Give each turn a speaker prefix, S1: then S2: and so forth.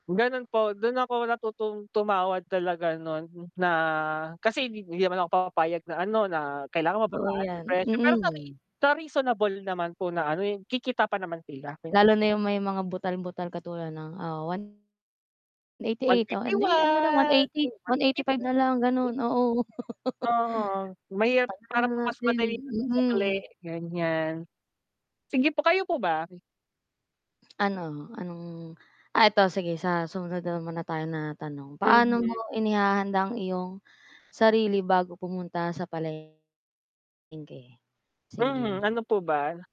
S1: Ganun po, dun ako natutong tumawad talaga nun, na kasi hindi naman ako pumapayag na ano, na kailangan
S2: Oo
S1: mababaan yung
S2: yan.
S1: presyo, pero sana, eh,
S2: Mm.
S1: sa reasonable naman po na ano, eh, kikita pa naman sila po.
S2: Lalo na yung may mga butal-butal, katulad ng, ah, one eighty
S1: One
S2: eight oo
S1: fifty one,
S2: hindi ano na lang 180,
S1: yun one
S2: one
S1: fifty
S2: eighty five
S1: po,
S2: na lang
S1: 'di
S2: gano'n, oo.
S1: Uh-huh, mahirap
S2: Palitan
S1: para
S2: na
S1: po kasi mas
S2: natin
S1: madali yung pag-sukli,
S2: Mm.
S1: ganiyan. Sige po, kayo po ba?
S2: Ano, anong ah, 'eto sige sa sumunod na lang muna tayo na tanong. Paano mo
S1: Mhm.
S2: inihahanda ang iyong sarili bago pumunta sa palengke? Sige.
S1: Mhm, ano po ba?